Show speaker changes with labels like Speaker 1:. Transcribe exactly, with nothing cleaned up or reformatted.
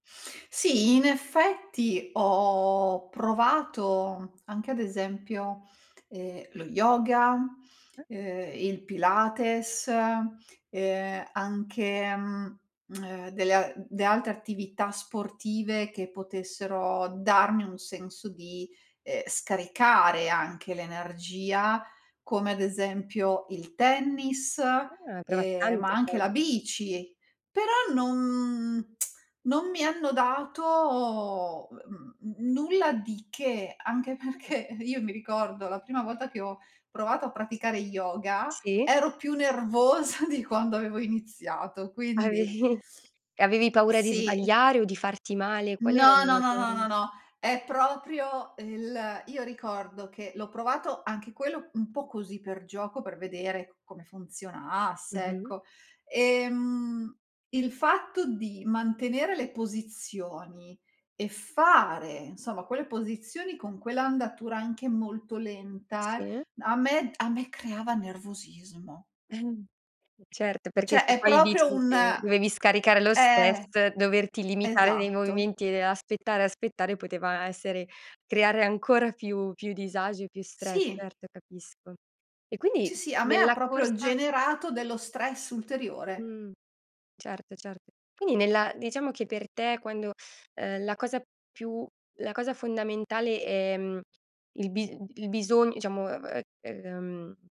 Speaker 1: Sì, in effetti, ho provato anche ad esempio, ehm, lo yoga,
Speaker 2: [unintelligible]
Speaker 1: ehm, il pilates, ehm, anche, mhmm, delle a dee altre attività sportive, che potessero darmi un senso di, ehm, scaricare anche l'energia, come ad esempio il tennis,
Speaker 2: Eh, hai provat
Speaker 1: ehm, ma
Speaker 2: tante
Speaker 1: anche
Speaker 2: cos
Speaker 1: la bici, però non non mi hanno dato ehm, mhmm, n nulla di che. Anche
Speaker 2: Mh.
Speaker 1: perché, io mi ricordo, la prima volta che ho provato a praticare yoga,
Speaker 2: Sì.
Speaker 1: ero più nervosa di quando avevo iniziato, quindi
Speaker 2: Avevi avevi paura di
Speaker 1: Sì.
Speaker 2: sbagliare, o di farti male, qual era
Speaker 1: No,
Speaker 2: l
Speaker 1: no,
Speaker 2: la
Speaker 1: no,
Speaker 2: paura
Speaker 1: no, no,
Speaker 2: lì.
Speaker 1: no, è proprio el io ricordo che l'ho provato, anche quello, un po' così per gioco, per vedere come funzionasse,
Speaker 2: Mh-mh.
Speaker 1: ecco. Ehm, il fatto di mantenere le posizioni e fare, nsoma, quelle posizioni con quell'andatura, anche molto lenta,
Speaker 2: Sì.
Speaker 1: a me a me creava nervosismo.
Speaker 2: Certo, perché
Speaker 1: ceh,
Speaker 2: se
Speaker 1: è
Speaker 2: poi
Speaker 1: proprio
Speaker 2: dici
Speaker 1: un
Speaker 2: che, dovevi scaricare lo stress,
Speaker 1: eh.
Speaker 2: doverti limitare nei
Speaker 1: Esatto.
Speaker 2: movimenti e aspettare, aspettare, poteva essere creare ancora più più disagi e più stress
Speaker 1: Sì.
Speaker 2: certo, capisco. E
Speaker 1: Sì,
Speaker 2: quindi,
Speaker 1: sì, a me ha
Speaker 2: nella
Speaker 1: proprio
Speaker 2: corsa
Speaker 1: generato dello stress ulteriore.
Speaker 2: Mh. Certo, cert quini nella diciamo che per te quando uhm, la cosa più la cosa fondamentale è, mhmm, il bis d il bisogn iciamo, ehm, ehm